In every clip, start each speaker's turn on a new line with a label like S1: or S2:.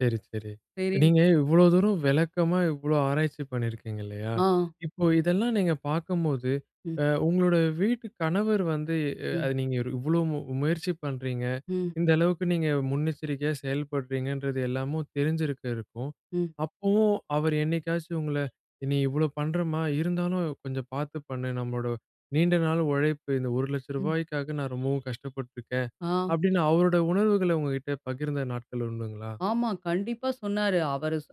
S1: செரி, செரி.
S2: செரி.
S1: நீங்க இவ்ளோ தூரம் விளக்கமா இவ்ளோ ஆராய்ச்சி பண்ணிருக்கீங்க இல்லயா,
S2: ஆ.
S1: இப்போ இதெல்லாம் நீங்க பாக்கும்போது,
S2: ம்.
S1: அ உங்களோட வீட்டு கணவர் வந்து அ
S2: ம்.
S1: அத நீங்க இவ்ளோ மு முயற்சி பண்றீங்க,
S2: ம்.
S1: இந்த அளவுக்கு நீங்க முன்னெச்சரிக்கையா செயல்படுறீங்கன்றது எல்லாமும் தெரிஞ்சிருக்க இருக்கும்.
S2: ம்.
S1: அப்பவும் அவரு என்னைக்காச்சும் உங்கள இனி இவ்ளோ பண்றமா, இருந்தாலும் கொஞ்சம் பாத்து பண்ணு. நம்மளோட நீண்ட நாள் உழைப்பு இந்த ஒரு லட்ச
S2: ம்.
S1: ரூபாய்காக நான் ரொம்பவும் கஷ்டப்பட்டுருக்கேன்,
S2: ஆ.
S1: அப்பிடின்னு அவரோட உணர்வுகள உங்ககிட்ட பகிர்ந்த நாட்கள் உண்டுங்களா?
S2: ஆமா. கண்டிப்பா சொன்னாரு. அவரு சொ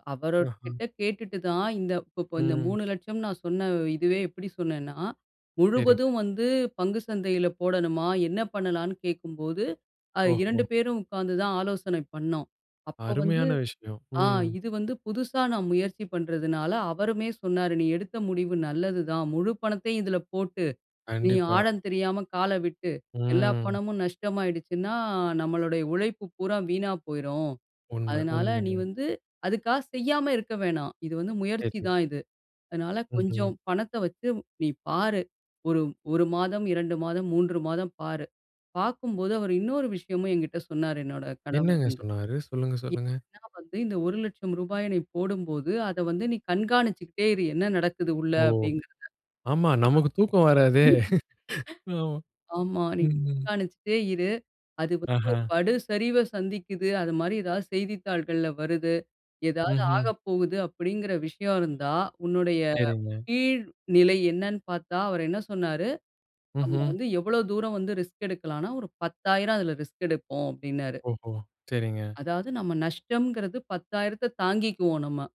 S1: ஆஹா.
S2: அவருகிட்ட கேட்டுட்டு தான் இந்த இப்ப இந்த
S1: ம்.
S2: ரூ. 3,00,000ன்னு நான் சொன்ன இதுவே எப்பிடி சொன்னேன்னா,
S1: செரிங்க.
S2: முழுவதும் வந்து பங்கு சந்தையில போடணுமா? என்ன பண்ணலான்னு கேட்கும்போது, அ
S1: ஓஹோ.
S2: 2 பேரும் உட்காந்து தான் ஆலோசனை பண்ணோம். அப்போ வந்து,
S1: அருமையான விஷயம்.
S2: ஆ
S1: ம்.
S2: இது வந்து புதுசா நான் முயற்சி பண்றதுனால அவருமே சொன்னாரு நீ எடுத்த முடிவு நல்லதுதான். முழு பணத்தையும் இதில போட்டு நீ
S1: கண்டிப்பா.
S2: ஆழம் தெரியாம கால விட்டு எல்லா
S1: ம்.
S2: பணமும் நஷ்டமாயிடுச்சுன்னா, நம்மளுடைய உழைப்பு பூரா வீணா போயிரும்.
S1: உண்ம
S2: அதனால நீ
S1: உண்மங்க.
S2: வந்து அதுக்காக செய்யாம இருக்க வேணாம். இது வந்து முயற்சி
S1: செரி.
S2: தான் இது. அதனால கொஞ்சம்
S1: ம்ஹ்ம்.
S2: பணத்த வச்சு நீ பாரு. ஒரு 1 மாதம், 2 மாதம், 3 மாதம் பாரு. பாக்கும்போது அவரு இன்னொரு விஷயமும் என்கிட்ட சொன்னாரு, என்னுடைய கணவர்
S1: என்னங்க
S2: வந்து.
S1: சொன்னாரு? சொல்லுங்க,
S2: எ
S1: சொல்லுங்க.
S2: என்னன்னா வந்து இந்த ரூ. 1,00,000ய நீ போடும்போது, அத வந்து நீ கண்காணிச்சுக்கிட்டே இரு. என்ன நடக்குது உள்ள
S1: ஓ!
S2: அப்பிடிங்கிறத.
S1: ஆமா. நமக்கு தூக்கம்
S2: ஆ.
S1: வராதே! ஆமா.
S2: ஆமா. நீ
S1: ம், ம்.
S2: கண்காணிச்சிட்டே இரு. அது வந்து
S1: ஆஹா!
S2: படு சரிவ சந்திக்குது அதுமாரி எதாவது செய்தித்தாள்கள்ல வருது. எதாவது
S1: ம்ஹ்ம்.
S2: ஆகப்போகுது அப்பிடிங்கிற விஷயம் இருந்தா, உன்னுடைய
S1: செரிங்க.
S2: கீழ்நிலை என்னன்னு பாத்தா, அவரு என்ன சொன்னாரு, நம்ம
S1: ம்ஹ்ம்.
S2: வந்து எவ்ளோ தூரம் வந்து ரிஸ்க் எடுக்கலான்னா ஒரு 10,000 அதில ரிஸ்க் எடுப்போம். அப்பிடின்னாரு.
S1: ஓஹோ! செரிங்க.
S2: அதாவது நம்ம நஷ்டம்ங்கிறது 10,000 தாங்கிக்குவோம் நம்ம.